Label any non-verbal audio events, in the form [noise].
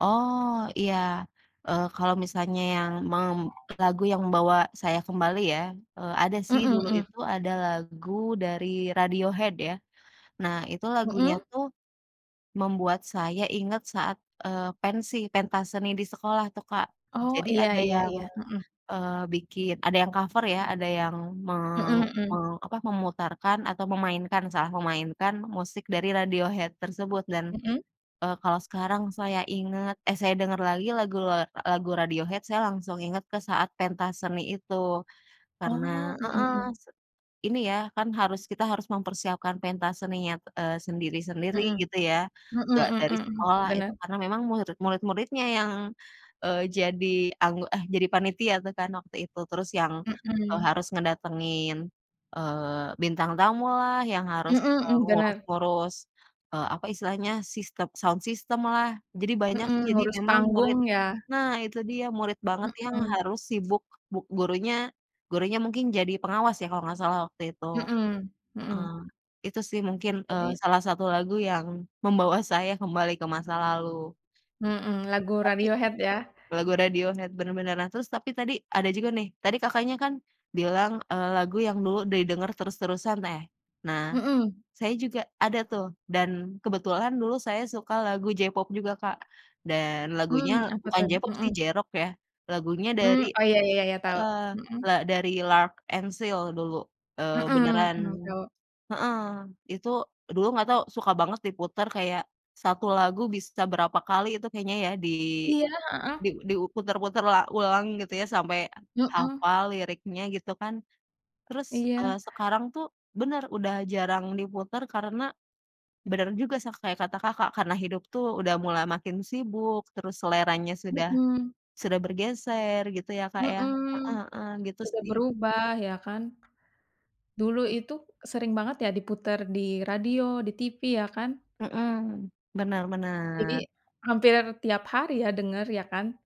Oh, iya. Eee, kalau misalnya yang mem lagu yang membawa saya kembali ya, eee, ada Mmm sih. Dulu mmm. itu ada lagu dari Radiohead, ya. Nah, itu lagunya Mhm. tuh, membuat saya inget saat, eee, pensi, pentas seni di sekolah tuh, Kak. Oh, Jadi iya ada iya yang, iya, mhm. eee, bikin ada yang cover ya, ada yang meng Mhm mhm. meng apa, memutarkan atau memainkan salah memainkan musik dari Radiohead tersebut. Dan, Mhm. eee, kalau sekarang saya ingat, eh saya dengar lagi, lagu la lagu Radiohead, saya langsung inget ke saat pentas seni itu. Karena Oh, mmm heeh, mmm. se ini ya, kan harus kita harus mempersiapkan pentas seninya t eee, sendiri-sendiri, Mhm, gitu ya. mhm Nggak mmm dari mmm mmm, sekolah, itu, bener. karena memang muirid murid-muridnya yang, eee, jadi anggo eh, jadi panitia tuh, kan, waktu itu. Terus yang, eee, Mhm. harus ngedatengin, eee, bintang tamulah, yang harus, Mmm eee, mmm, benar. ngurus-ngurus, eee, apa istilahnya, sistem sound system lah, jadi banyak, Mhm, sih. Jadi ngurus memang panggung, murid ya. nah, itu dia. Murid banget yang Mhm. harus sibuk, bu gurunya, gurunya mungkin jadi pengawas, ya, kalau nggak salah, waktu itu. Mhm, Heeh. mhm. Itu sih, mungkin, eee, Jadi salah satu lagu yang membawa saya kembali ke masa lalu. Mhm, lagu [unintelligible] Tapi Radiohead, ya? lagu Radiohead, benar benar. Nah, terus tapi tadi, ada juga nih tadi Kakaknya kan bilang, eee, lagu yang dulu didengar terus-terusan, neh. Nah, Mhm. saya juga ada, tuh. Dan, kebetulan, dulu saya suka lagu J-pop juga, Kak. Dan, Mmm, lagunya- apa bukan tad J-pop sih, mhm. J-rock, ya- lagunya Mmm, dari oh ya ya ya ya, tahu. heeh, Mhm. la dari L'Arc-en-Ciel, dulu. Eee, Mhm, beneran mmm, tahu. heeh, itu, dulu nggak tau, suka banget diputar, kayak, 1 lagu bisa berapa kali, itu kayaknya ya, di, Iya, heeh. di diu putar-putar la ulang, gitu ya, sampai Mhm. hafal liriknya, gitu kan. Terus, Iya. eee, sekarang tuh benar, udah jarang diputar karena benar juga sa kayak kata Kakak, karena hidup tuh, udah mulai makin sibuk, terus seleranya sudah Mhm. sudah bergeser, gitu ya, Kak, ya. Heeh Mhm, heeh, gitu sudah sih. berubah, ya kan. Dulu itu, sering banget ya diputar, di radio, di tivi, ya kan? Mhm, benar Jadi, benar. hampir tiap hari ya, denger, ya kan?